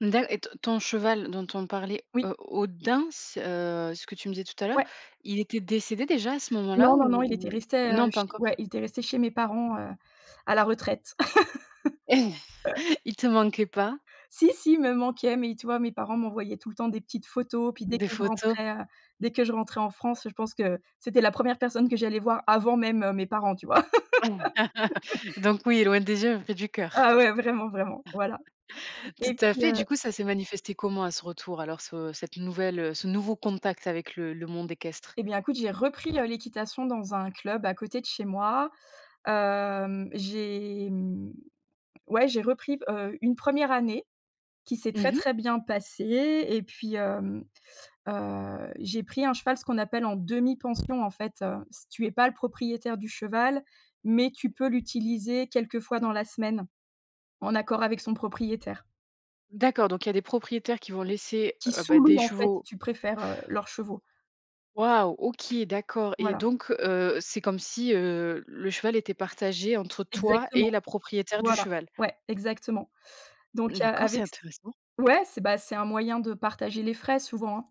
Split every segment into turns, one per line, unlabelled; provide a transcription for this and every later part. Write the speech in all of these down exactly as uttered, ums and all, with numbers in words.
Dac et t ton cheval dont on parlait
Oui.
o Odin, s heu, ce que tu me disais tout à l'heure.
Ouais.
Il était décédé déjà à ce moment
Non,
là
non, non,
ou
il était
ou?
resté, heu,
Non pas
chez
encore.
ouais, il était resté chez mes parents, heu, à la retraite.
Il te manquait pas?
Si si, il me manquait mais tu vois? Mes parents m'envoyaient tout le temps des petites photos, puis dès
Des
que je
photos.
rentrais, heu dès que je rentrais en France je pense que, c'était la première personne que j'allais voir avant même, heu, mes parents, tu vois?
Donc oui, loin des yeux mais près du coeur,
Ah ouais vraiment, vraiment, voilà
tout
et
à
puis,
fait.
heu
Du coup, ça s'est manifesté comment à ce retour alors ce cette nouvelle, heu, ce nouveau contact avec le le monde équestre?
Et bien écoute j'ai repris le l'équitation dans un club à côté de chez moi, hem, j'ai, mmh ouais j'ai repris, heu, une première année, qui s'est très,
Mmh mh.
très bien passée et puis, hem, heu, j'ai pris un cheval. Ce qu'on appelle en demi-pension en fait, heu, c tu es pas le propriétaire du cheval mais tu peux l'utiliser quelquefois dans la semaine, en accord avec son propriétaire
D'accord donc il y a des propriétaires qui vont laisser,
qui
heu, bah,
sous-loue
des
en fait si
chevaux
tu préfères, heu, leurs chevaux.
Waouh. OK, d'accord et
Voilà.
donc heu, c'est comme si, heu, le cheval était partagé entre toi
Exactement,
et la propriétaire du
voilà.
cheval?
Ouais, exactement donc heu,
D'accord, c'est
avec c
intéressant.
ouais c'est bah c'est un moyen de partager les frais souvent, hein.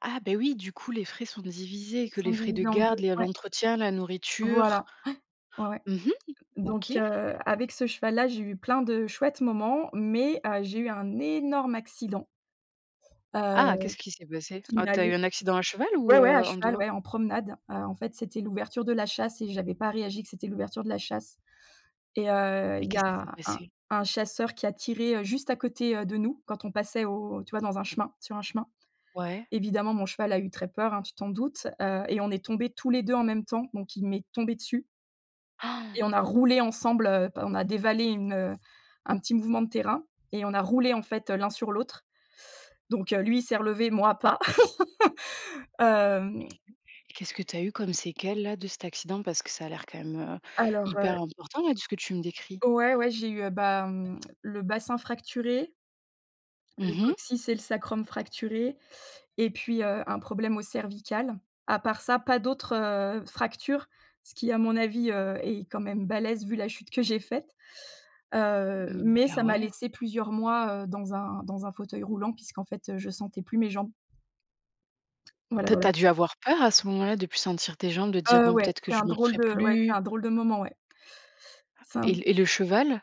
Ah beh, oui, du coup les frais sont divisés
Ils
que
sont
les frais de
divisés en
garde,
deux,
lé
ouais.
l'entretien, la nourriture.
Voilà, ouais. Ouais, ouais
Mmh mh.
donc
OK.
heu, avec ce cheval là j'ai eu plein de chouettes moments mais heu, j'ai eu un énorme accident. Heu,
Ah, qu'est-ce qui s'est passé?
qui
Oh, tu
m'allait
as eu un accident à cheval ou
ouais, ouais
heu,
à
en
cheval,
dehors?
ouais en promenade, heu, en fait c'était l'ouverture de la chasse et j'avais pas réagi que c'était l'ouverture de la chasse et heu,
Et
il y
qu'est-ce qui s'est
a un
passé?
un chasseur qui a tiré, heu, juste à côté, heu, de nous quand on passait au tu vois? Dans un chemin sur un chemin.
Ouais.
Évidemment mon cheval a eu très peur, hein, tu t'en doutes, heu, et on est tombé tous les deux en même temps donc il m'est tombé dessus et on a roulé ensemble, heu, p on a dévalé une, heu un petit mouvement de terrain, et on a roulé en fait l'un sur l'autre donc heu, lui il s'est relevé, moi pas, hem
Qu'est-ce que tu as eu comme séquelles là de cet accident? Parce que ça a l'air quand même, heu,
alors,
hyper
heu
important là de ce que tu me décris?
Ouais, ouais, j'ai eu, bah, mmh, le bassin fracturé le
Mmh mh.
coccyx et le sacrum fracturé et puis, heu, un problème aux cervicales. À part ça pas d'autres, heu, fractures. Ce qui à mon avis, heu, est quand même balèze vu la chute que j'ai faite, heu,
Mmh.
mais
Ah
ça m'a
ouais!
laissé plusieurs mois, heu, dans un dans un fauteuil roulant puisqu'en fait, heu, je sentais plus mes jambes. Voilà,
Tu as tu
voilà.
as dû avoir peur à ce moment-là, de plus sentir tes jambes, de te dire:
Heu,
«Bon
ouais,
peut-être que
c'est
je
un drôle
marcherais
de ouais c'est
plus».
un drôle de moment, ouais. C'est
Et
un
l et le cheval?